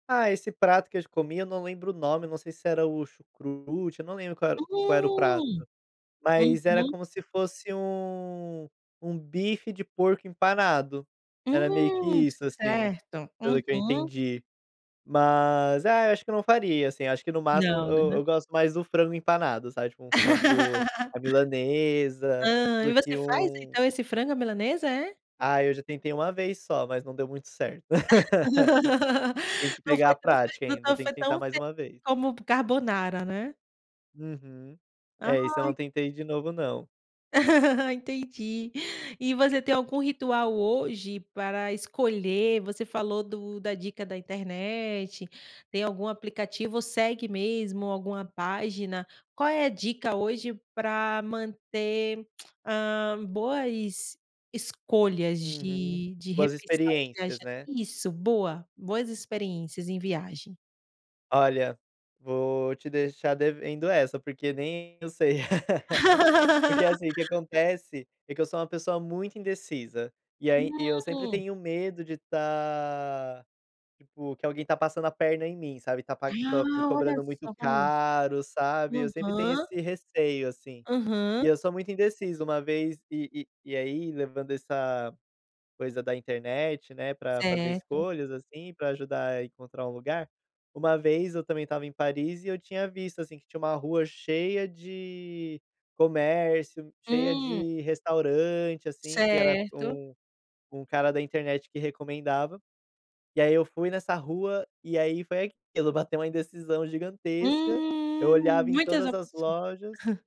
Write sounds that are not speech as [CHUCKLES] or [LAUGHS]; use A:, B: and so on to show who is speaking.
A: Ah, esse prato que a gente comia, eu não lembro o nome, não sei se era o chucrute, eu não lembro qual era o qual era o prato.
B: Hum.
A: Mas era
B: Uhum.
A: como se fosse um um bife de porco empanado, era meio que
B: Hum,
A: isso, assim,
B: certo.
A: pelo que eu
B: Uhum.
A: entendi. Mas, ah, eu acho que eu não faria, assim, acho que no máximo
B: Não,
A: eu
B: né.
A: eu gosto mais do frango empanado, sabe, tipo, um frango
B: [LAUGHS]
A: à milanesa,
B: Hã, e
A: do que
B: você faz,
A: um
B: então, esse frango à milanesa, é?
A: Ai, eu já tentei 1 vez só, mas não deu muito certo. [LAUGHS]
B: [LAUGHS]
A: Tem que
B: Não
A: pegar
B: foi
A: a
B: tão f
A: prática
B: não
A: ainda,
B: tão
A: tenho
B: foi
A: que tentar
B: tão
A: mais
B: f
A: 1 vez.
B: como carbonara, né.
A: Uhum. É, esse eu
B: Ai.
A: não tentei de novo não.
B: [LAUGHS] Entendi. E você tem algum ritual hoje para escolher, você falou do da dica da internet, tem algum aplicativo, ou segue mesmo alguma página? Qual é a dica, hoje, pra manter, [CLICKS TONGUE] hã, boas escolhas
A: Uhum.
B: de de
A: Boas
B: repensar
A: experiências,
B: viajar
A: né.
B: isso, boa. Boas experiências, em viagem.
A: Olha, vou te deixar devendo essa, porque nem eu sei. [LAUGHS] Porque
B: [LAUGHS]
A: assim, o que acontece é que eu sou uma pessoa muito indecisa, e aí e eu sempre
B: Hum.
A: tenho medo de estar, tipo, que alguém está passando a perna em mim, sabe, está par tô me
B: Ah, olha
A: cobrando muito
B: só.
A: caro, sabe, eu sempre tenho
B: Aham.
A: esse receio, assim. E
B: Aham.
A: eu sou muito indeciso, uma vez e e aí, levando essa coisa da internet, né, pra fazer
B: Certo.
A: escolhas, assim, pra ajudar a encontrar um lugar, uma vez eu também estava em Paris, e eu tinha visto, assim, que tinha uma rua cheia de comércio, cheia
B: Hum.
A: de restaurante, assim, que era
B: Certo.
A: um um cara da internet que recomendava, e aí, eu fui nessa rua, e aí foi aquilo, bateu uma indecisão gigantesca, eu
B: Hum,
A: olhava em
B: muitas
A: todas as
B: opçõ
A: lojas
B: [CHUCKLES]